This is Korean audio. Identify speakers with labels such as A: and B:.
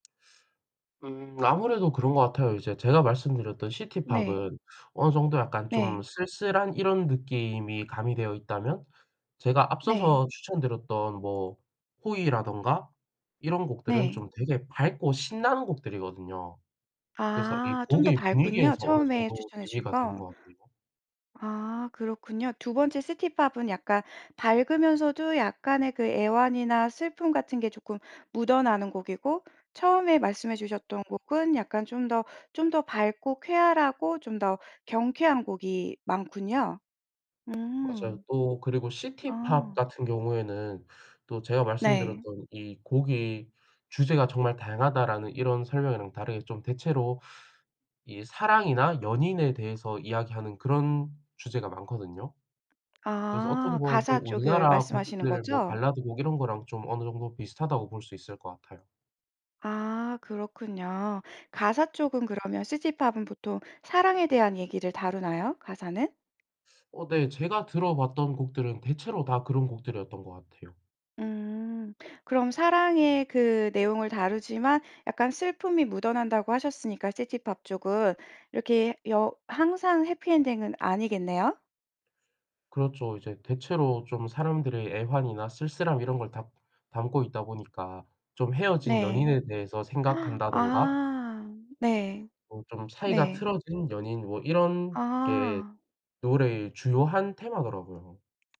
A: 음 아무래도 그런 것 같아요. 이제 제가 말씀드렸던
B: 네.
A: 시티팝은 어느 정도 약간 좀
B: 네.
A: 쓸쓸한 이런 느낌이 가미되어 있다면 제가
B: 네.
A: 앞서서 추천드렸던 뭐 호이라든가 이런 곡들은
B: 네.
A: 좀 되게 밝고 신나는 곡들이거든요. 그래서 이
B: 아 좀 더
A: 곡의
B: 밝군요.
A: 분위기에서 어느
B: 처음에
A: 정도
B: 추천해 주신
A: 대비가 되는
B: 거.
A: 것 같네요.
B: 아 그렇군요. 2번째 시티팝은 약간 밝으면서도 약간의 그 애환이나 슬픔 같은 게 조끔 묻어나는 곡이고 처음에 말씀해 주셨던 곡은 약간 좀 더 좀 더 밝고 쾌활하고 좀 더 경쾌한 곡이 많군요.
A: 맞아요.
B: 음.
A: 또 그리고 시티팝
B: 아.
A: 같은 경우에는 또 제가
B: 네.
A: 말씀드렸던 "이 곡의 주제가 정말 다양하다."라는 이런 설명이랑 다르게 좀 대체로 이 사랑이나 연인에 대해서 이야기하는 그런 주제가 많거든요. 그래서 어떻게
B: 아
A: 보면 또
B: 가사 쪽을
A: 우리나라
B: 말씀하시는
A: 곡들 뭐
B: 거죠?
A: 발라드 곡 이런 거랑 좀 어느 정도 비슷하다고 볼 수 있을 것 같아요.
B: 아 그렇군요. 가사 쪽은 그러면 시티팝은 보통 사랑에 대한 얘기를 다루나요? 가사는?
A: 어 네. 제가 들어봤던 곡들은 대체로 다 그런 곡들이었던 것 같아요.
B: 음. 그럼 사랑의 그 내용을 다루지만 약간 슬픔이 묻어난다고 하셨으니까 시티팝 쪽은. 이렇게 여 항상 해피 엔딩은 아니겠네요?
A: 그렇죠. 이제 대체로 좀 사람들의 애환이나 쓸쓸함 이런 걸 담 담고 있다 보니까 좀 헤어진
B: 네.
A: 연인에 대해서 생각한다든가
B: 아. 네.
A: 뭐 좀 사이가
B: 네.
A: 틀어진 연인 뭐 이런 게
B: 아.
A: 노래의 주요한 테마더라고요.